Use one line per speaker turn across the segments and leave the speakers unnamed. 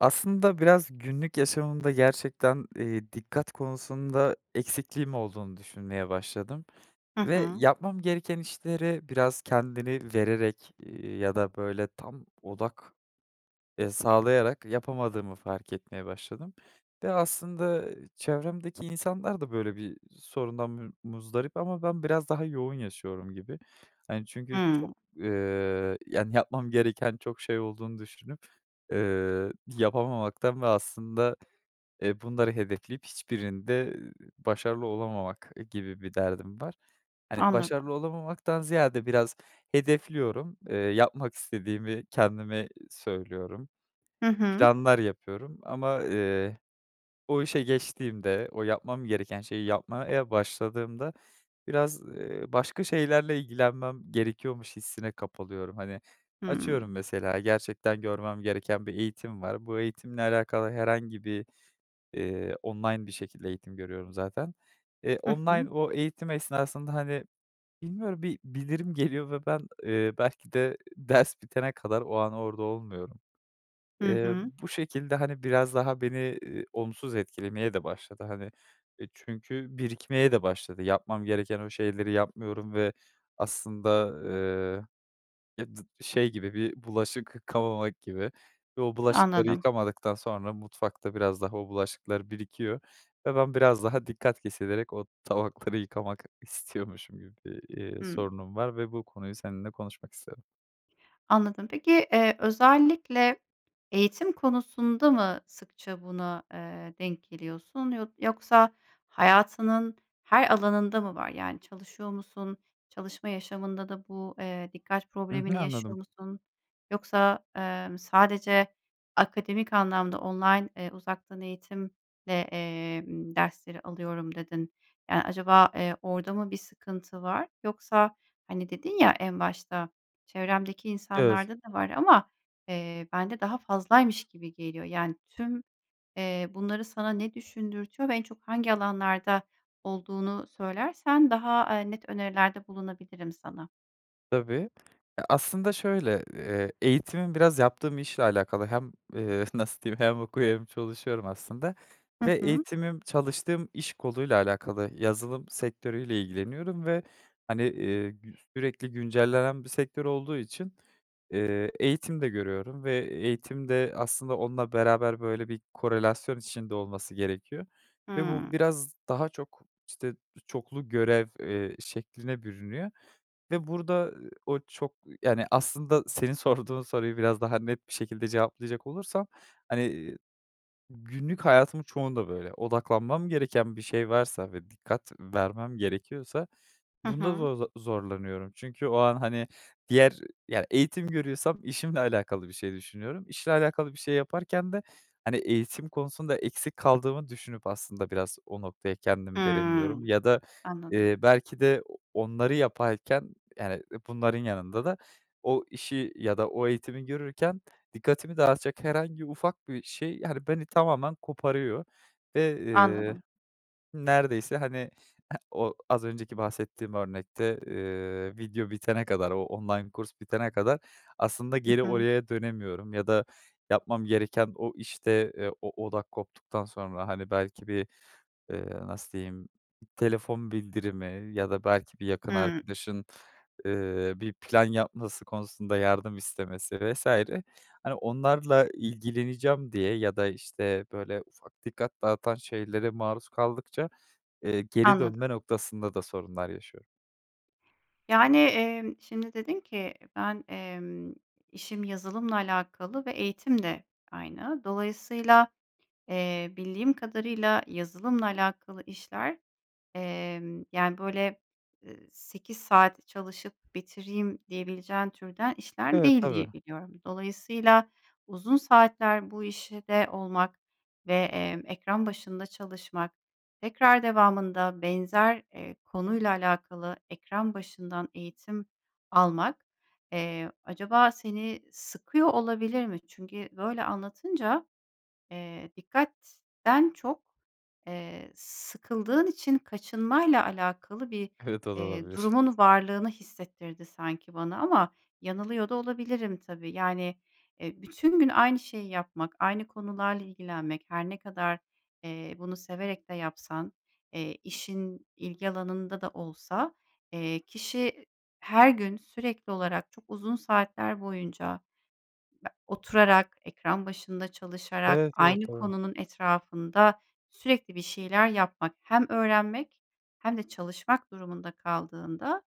Aslında biraz günlük yaşamımda gerçekten, eee, dikkat konusunda eksikliğim olduğunu düşünmeye başladım
Hı
ve
hı.
yapmam gereken işleri biraz kendini vererek, eee, ya da böyle tam odak, eee, sağlayarak yapamadığımı fark etmeye başladım ve aslında, çevremdeki insanlar da böyle bir sorundan mü muzdarip ama ben biraz daha yoğun yaşıyorum gibi. Hani, çünkü, çok,
Hımm.
eee, yani, yapmam gereken çok şey olduğunu düşünüp, eee, yapamamaktan ve aslında, eee, bunları hedefleyip, hiçbirinde başarılı olamamak gibi bir derdim var. Hani,
Anladım.
başarılı olamamaktan ziyade, biraz hedefliyorum. Eee, yapmak istediğimi kendime söylüyorum,
Hı hı.
planlar yapıyorum ama, eee, o işe geçtiğimde, o yapmam gereken şeyi yapmaya başladığımda biraz, eee, başka şeylerle ilgilenmem gerekiyormuş hissine kapılıyorum. Hani, açıyorum
Hımm.
mesela gerçekten görmem gereken bir eğitim var. Bu eğitimle alakalı herhangi bir, eee, online bir şekilde eğitim görüyorum zaten. Eee,
Hı hı.
online o eğitim esnasında, hani, bilmiyorum bir bildirim geliyor ve ben, eee, belki de ders bitene kadar o an orada olmuyorum.
Hı
Eee,
hı.
bu şekilde, hani, biraz daha beni, eee, olumsuz etkilemeye de başladı, hani, e, çünkü birikmeye de başladı. Yapmam gereken o şeyleri yapmıyorum ve aslında, eee, e dı şey gibi bir bulaşık yıkamamak gibi ve o bulaşıkları
Anladım.
yıkamadıktan sonra mutfakta biraz daha o bulaşıklar birikiyor ve ben biraz daha dikkat kesilerek o tabakları yıkamak istiyormuşum gibi bir, eee,
Hımm.
sorunum var ve bu konuyu seninle konuşmak istedim.
Anladım. Peki, eee, özellikle eğitim konusunda mı sıkça buna, eee, denk geliyorsun, yod yoksa hayatının her alanında mı var? Yani çalışıyor musun? Çalışma yaşamında da bu, eee, dikkat
Hı hı.
problemini yaşıyor
Anladım.
musun? Yoksa, emm, sadece akademik anlamda "Online, ııı, uzaktan eğitimle, eee, dersleri alıyorum." dedin. Yani acaba, eee, orada mı bir sıkıntı var? Yoksa, hani, dedin ya, en başta; çevremdeki
Evet.
insanlarda da var ama, eee, bende daha fazlaymış gibi geliyor. Yani tüm, eee, bunları sana ne düşündürtüyor ve en çok hangi alanlarda olduğunu söylersen; daha, eee, net önerilerde bulunabilirim sana.
Tabii ya aslında şöyle, eee, eğitimim biraz yaptığım işle alakalı hem, eee, nasıl diyeyim hem okuyor hem çalışıyorum aslında.
Hı
Ve
hı.
eğitimim çalıştığım iş koluyla alakalı, yazılım sektörüyle ilgileniyorum ve hani, eee, gü sürekli güncellenen bir sektör olduğu için, eee, eğitim de görüyorum ve eğitim de aslında onunla beraber böyle bir korelasyon içinde olması gerekiyor ve bu
Hımm.
biraz daha çok işte çoklu görev, eee, şekline bürünüyor ve burada o çok yani aslında, senin sorduğun soruyu biraz daha net bir şekilde cevaplayacak olursam, hani günlük hayatımın çoğunda böyle, odaklanmam gereken bir şey varsa ve dikkat vermem gerekiyorsa,
Hı
bunda
hı.
zo zor zorlanıyorum. Çünkü o an, hani, diğer yani eğitim görüyorsam işimle alakalı bir şey düşünüyorum. İşle alakalı bir şey yaparken de, hani, eğitim konusunda eksik kaldığımı düşünüp aslında biraz o noktaya kendimi veremiyorum
Hımm.
ya da,
Anladım.
eee, belki de onları yaparken, yani, bunların yanında da o işi ya da o eğitimi görürken, dikkatimi dağıtacak herhangi ufak bir şey, yani, beni tamamen koparıyor. Ve, eee,
Anladım.
neredeyse hani eee, o az önceki bahsettiğim örnekte, eee, video bitene kadar, o online kurs bitene kadar, aslında
Hı
geri
hı.
oraya dönemiyorum ya da yapmam gereken o işte, eee, o odak koptuktan sonra hani belki bir, eee, nasıl diyeyim, telefon bildirimi ya da belki bir yakın
Hımm.
arkadaşın, eee, bir plan yapması konusunda yardım istemesi vs. hani, onlarla ilgileneceğim diye ya da işte böyle, ufak dikkat dağıtan şeylere maruz kaldıkça, eee, geri
Anladım.
dönme noktasında da sorunlar yaşıyorum.
Yani, emm, şimdi dedin ki ben, emm, işim yazılımla alakalı ve eğitim de aynı. Dolayısıyla, eee, bildiğim kadarıyla yazılımla alakalı işler, emm, yani, böyle, ııı, 8 saat çalışıp bitireyim, diyebileceğin türden işler
Evet,
değil
tabii.
diye biliyorum. Dolayısıyla, uzun saatler bu işte olmak ve, emm, ekran başında çalışmak tekrar devamında benzer, eee, konuyla alakalı, ekran başından eğitim almak, eee, acaba seni sıkıyor olabilir mi? Çünkü böyle anlatınca, eee, dikkatten çok, eee, sıkıldığın için kaçınmayla alakalı bir,
Evet o da
eee,
olabilir.
durumun varlığını hissettirdi sanki bana ama yanılıyor da olabilirim tabii, yani, eee, bütün gün aynı şeyi yapmak, aynı konularla ilgilenmek her ne kadar, eee, bunu severek de yapsan, eee, işin ilgi alanında da olsa, eee, kişi, her gün sürekli olarak çok uzun saatler boyunca be oturarak, ekran başında çalışarak,
Evet evet
aynı
tabii.
konunun etrafında sürekli bir şeyler yapmak hem öğrenmek hem de çalışmak durumunda kaldığında,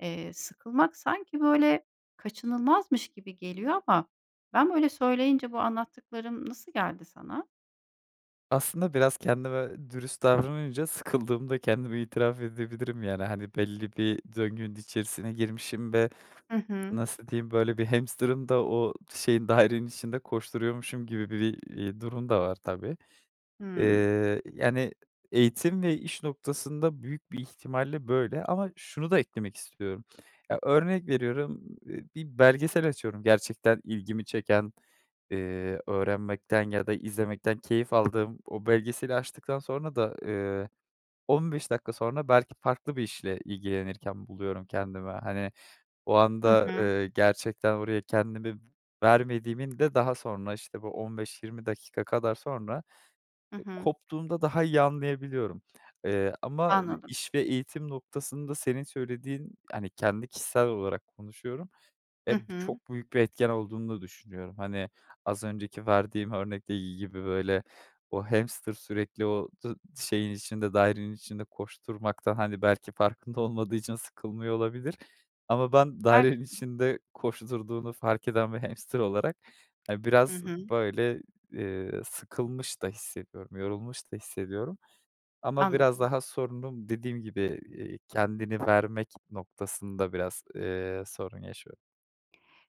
eee, sıkılmak sanki böyle kaçınılmazmış gibi geliyor ama ben böyle söyleyince bu anlattıklarım nasıl geldi sana?
Aslında biraz kendime dürüst davranınca sıkıldığımda kendimi itiraf edebilirim. Yani, hani, belli bir döngünün içerisine girmişim ve
Hı hı.
nasıl diyeyim böyle bir hamsterın da o şeyin dairenin içinde koşturuyormuşum gibi bir, iii, durum da var tabii.
Hımm.
Eee, yani eğitim ve iş noktasında büyük bir ihtimalle böyle ama şunu da eklemek istiyorum. Ya, örnek veriyorum, eee, bir belgesel açıyorum gerçekten ilgimi çeken, eee, öğrenmekten ya da izlemekten keyif aldığım o belgeseli açtıktan sonra da, eee, 15 dakika sonra belki farklı bir işle ilgilenirken buluyorum kendimi. Hani, o
Hı
anda,
hı.
eee, gerçekten oraya kendimi vermediğimin de daha sonra işte bu 15-20 dakika kadar sonra
Hı hı.
koptuğumda daha iyi anlayabiliyorum, eee, ama
Anladım.
iş ve eğitim noktasında, senin söylediğin, hani, kendi kişisel olarak konuşuyorum.
Hı
Eee, b
hı.
çok büyük bir etken olduğunu da düşünüyorum. Hani, az önceki verdiğim örnekteki gibi böyle, o hamster sürekli o dı şeyin içinde, dairenin içinde koşturmaktan, hani, belki farkında olmadığı için sıkılmıyor olabilir ama ben
Belki
dairenin
de.
içinde koşturduğunu fark eden bir hamster olarak, eee,
Hı
biraz
hı.
böyle, eee, sıkılmış da hissediyorum, yorulmuş da hissediyorum ama biraz
Anladım.
daha sorunum dediğim gibi, eee, kendini vermek noktasında biraz, eee, sorun yaşıyorum.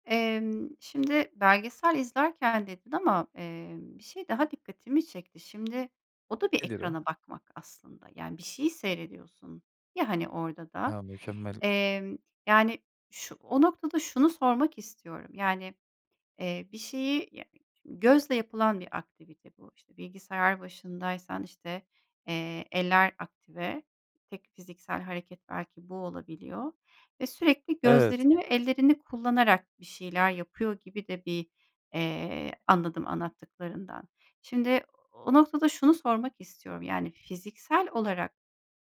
Emm, şimdi belgesel izlerken dedin ama, eee, bir şey daha dikkatimi çekti. Şimdi, o da bir
Nedir o?
ekrana bakmak aslında. Yani, bir şeyi seyrediyorsun ya, hani, orada da,
A, mükemmel.
emm, yani, şu o noktada şunu sormak istiyorum. Yani, eee, bir şeyi ya e ç gözle yapılan bir aktivite bu. İşte, bilgisayar başındaysan, işte, eee, eller aktive, tek fiziksel hareket belki bu olabiliyor ve sürekli
Evet.
gözlerini ve ellerini kullanarak bir şeyler yapıyor gibi de bir, eee, anladım anlattıklarından. Şimdi o noktada şunu sormak istiyorum. Yani, fiziksel olarak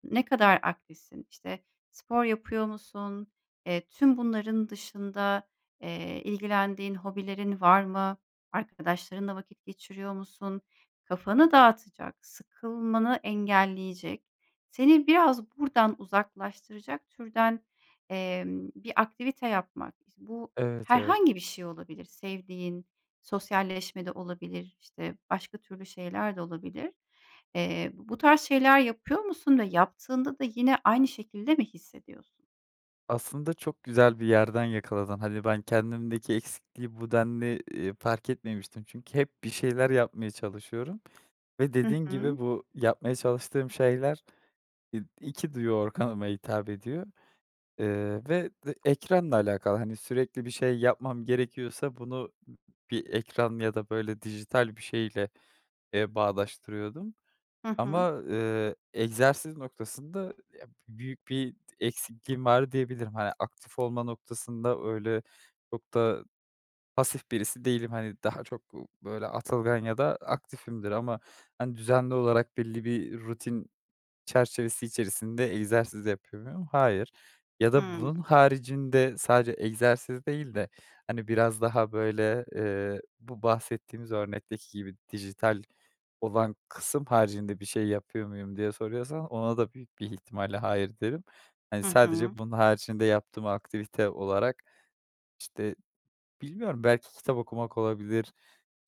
ne kadar aktifsin? İşte, spor yapıyor musun? Eee, tüm bunların dışında, eee, ilgilendiğin hobilerin var mı? Arkadaşlarınla vakit geçiriyor musun? Kafanı dağıtacak sıkılmanı engelleyecek seni biraz buradan uzaklaştıracak türden, emm, bir aktivite yapmak. İş bu
Evet, evet.
herhangi bir şey olabilir sevdiğin, sosyalleşme de olabilir, işte, başka türlü şeyler de olabilir. Eee, bu bu tarz şeyler yapıyor musun ve yaptığında da yine aynı şekilde mi hissediyorsun?
Aslında çok güzel bir yerden yakaladın, hani, ben kendimdeki eksikliği bu denli, eee, fark etmemiştim. Çünkü hep bir şeyler yapmaya çalışıyorum ve,
Hı
dediğin
hı.
gibi, bu yapmaya çalıştığım şeyler, eee, 2 duyu organıma hitap ediyor. Eee, ve ve ekranla alakalı, hani, sürekli bir şey yapmam gerekiyorsa bunu ı bir ekran ya da böyle dijital bir şeyle, eee, bağdaştırıyordum
Hı hı.
ama, eee, egzersiz noktasında, ya büyük bir d eksikliğim var diyebilirim. Hani, aktif olma noktasında öyle çok da pasif birisi değilim. Hani, daha çok, ııı, böyle atılgan ya da aktifimdir ama, hani, düzenli olarak belli bir rutin çerçevesi içerisinde egzersiz yapıyor muyum? Hayır ya da
Hıı.
bunun haricinde sadece egzersiz değil de, hani, biraz daha böyle, eee, bu bahsettiğimiz örnekteki gibi dijital olan kısım haricinde bir şey yapıyor muyum diye soruyorsan? Ona da büyük bir ihtimalle hayır derim. Hani,
Hı hı.
sadece bunun haricinde yaptığım aktivite olarak, işte, bilmiyorum belki kitap okumak olabilir,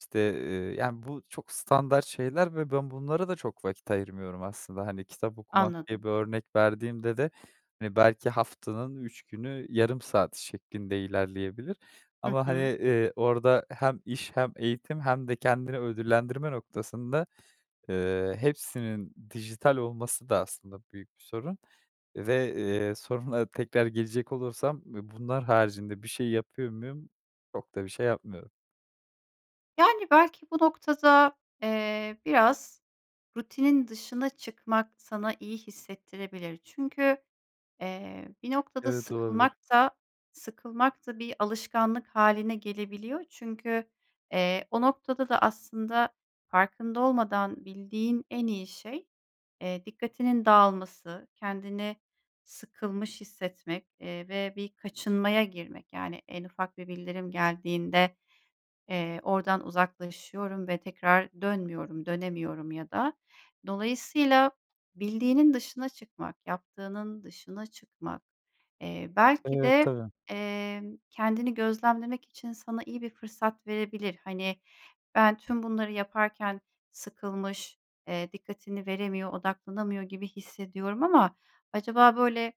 işte, eee, yani bu çok standart şeyler ve ben bunlara da çok vakit ayırmıyorum aslında. Hani, kitap okumak diye
Anladım.
bir örnek verdiğimde de, hani, belki haftanın 3 günü, yarım saat şeklinde ilerleyebilir
Hı
ama, hani,
hı.
eee, orada hem iş hem eğitim hem de kendini ödüllendirme noktasında, eee, hepsinin dijital olması da aslında büyük bir sorun ve, eee, soruna tekrar gelecek olursam, bunlar haricinde bir şey yapıyor muyum? Çok da bir şey yapmıyorum.
Yani, belki bu noktada, eee, biraz rutinin dışına çıkmak sana iyi hissettirebilir. Çünkü, eee, bir noktada
Evet,
sıkılmak
olabilir.
da sıkılmak da bir alışkanlık hâline gelebiliyor. Çünkü, eee, o noktada da aslında farkında olmadan bildiğin en iyi şey, eee, dikkatinin dağılması, kendini sıkılmış hissetmek, eee, ve bir kaçınmaya girmek. Yani en ufak bir bildirim geldiğinde, eee, oradan uzaklaşıyorum ve tekrar dönmüyorum, dönemiyorum ya da. Dolayısıyla bildiğinin dışına çıkmak, yaptığının dışına çıkmak, eee, belki
Evet,
de,
tabii.
emm, kendini gözlemlemek için sana iyi bir fırsat verebilir. Hani, ben tüm bunları yaparken sıkılmış, eee, dikkatini veremiyor, odaklanamıyor gibi hissediyorum ama acaba böyle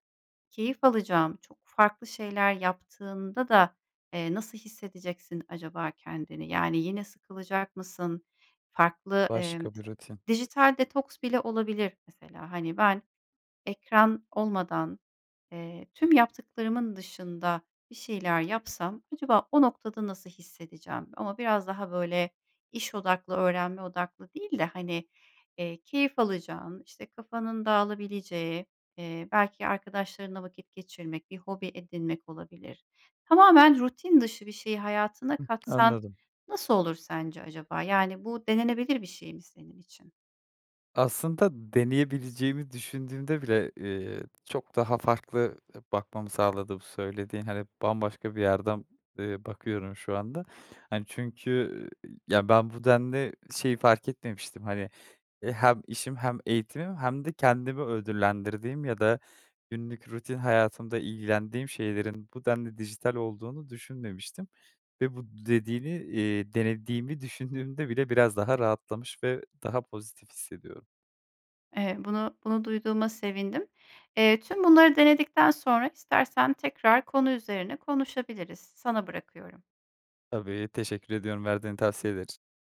keyif alacağım, çok farklı şeyler yaptığında da, eee, nasıl hissedeceksin acaba kendini? Yani yine sıkılacak mısın, farklı, emm,
Başka bir rutin.
dijital detoks bile olabilir mesela. Hani, ben ekran olmadan, eee, tüm yaptıklarımın dışında bir şeyler yapsam acaba o noktada nasıl hissedeceğim? Ama biraz daha böyle iş odaklı, öğrenme odaklı değil de, hani, eee, keyif alacağın, işte, kafanın dağılabileceği, eee, belki arkadaşlarınla vakit geçirmek, bir hobi edinmek olabilir. Tamamen rutin dışı bir şeyi hayatına
Hı hı,
katsan
anladım.
nasıl olur sence acaba? Yani, bu denenebilir bir şey mi senin için?
Aslında deneyebileceğimi düşündüğümde bile, eee, çok daha farklı, eee, bakmamı sağladı bu söylediğin. Hani, bambaşka bir yerden, eee, bakıyorum şu anda. Hani, çünkü, eee, ya, ben bu denli şeyi fark etmemiştim. Hani, eee, hem işim hem eğitimim hem de kendimi ödüllendirdiğim ya da günlük rutin hayatımda ilgilendiğim şeylerin bu denli dijital olduğunu düşünmemiştim. Ve bu dediğini, eee, denediğimi düşündüğümde bile biraz daha rahatlamış ve daha pozitif hissediyorum.
Eee, bunu bunu duyduğuma sevindim. Eee, tüm bunları denedikten sonra, istersen tekrar konu üzerine konuşabiliriz. Sana bırakıyorum.
Tabii. Teşekkür ediyorum verdiğin tavsiyeler i